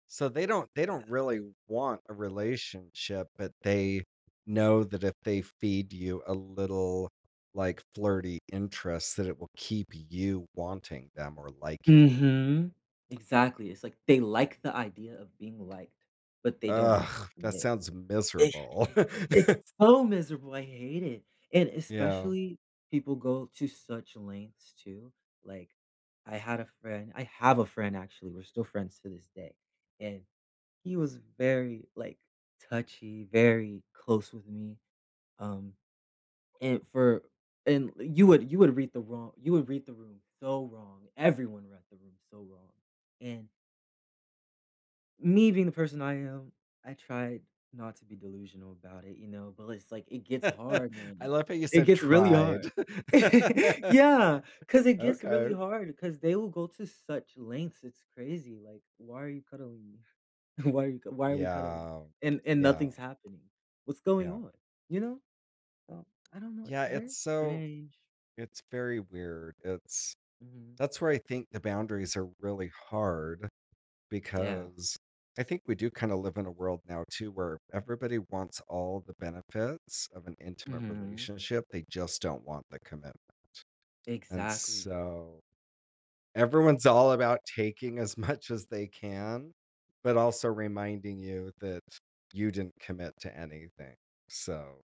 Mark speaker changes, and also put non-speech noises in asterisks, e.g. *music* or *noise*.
Speaker 1: So, they don't they
Speaker 2: Yeah.
Speaker 1: don't really want a relationship, but they know that if they feed you a little, like, flirty interest that it will keep you wanting them or liking them.
Speaker 2: Mhm, exactly, it's like they like the idea of being liked, but they don't want
Speaker 1: Ugh!
Speaker 2: to
Speaker 1: That
Speaker 2: commit.
Speaker 1: sounds miserable.
Speaker 2: Exactly, it's
Speaker 1: *laughs*
Speaker 2: so miserable! I hate it, and
Speaker 1: Yeah.
Speaker 2: especially people go to such lengths, too, like, I had a friend I have a friend, actually, we're still friends to this day, and he was very, like, touchy, very close with me, um, and for and you would you would read the wro you would read the room so wrong everyone read the room so wrong, and me being the person I am, I tried not to be delusional about it, you know? But l it's like, it gets
Speaker 1: *chuckles*
Speaker 2: hard
Speaker 1: I
Speaker 2: when
Speaker 1: love how you
Speaker 2: it
Speaker 1: said
Speaker 2: gets really
Speaker 1: "tried".
Speaker 2: hard *laughs*
Speaker 1: *laughs*
Speaker 2: yeah, 'cause it gets
Speaker 1: Okay.
Speaker 2: really hard 'cause they will go to such lengths, it's crazy, like, "Why are you cuddling me? Why are you c why are we cuddling?"
Speaker 1: Yeah,
Speaker 2: And and
Speaker 1: yeah.
Speaker 2: nothing's happening, what's going
Speaker 1: Yeah.
Speaker 2: on? You know? So, I don't know, it's
Speaker 1: Yeah,
Speaker 2: very
Speaker 1: it's so
Speaker 2: strange.
Speaker 1: it's very weird, it's
Speaker 2: Mhm.
Speaker 1: that's where, I think, the boundaries are really hard,
Speaker 2: Yeah.
Speaker 1: because, I think we do, kind of live in a world now too, where everybody wants all the benefits of an intimate
Speaker 2: Mhm.
Speaker 1: relationship, they just don't want the commitment. And
Speaker 2: Exactly.
Speaker 1: so, everyone's all about taking as much as they can, but also reminding you that you didn't commit to anything. So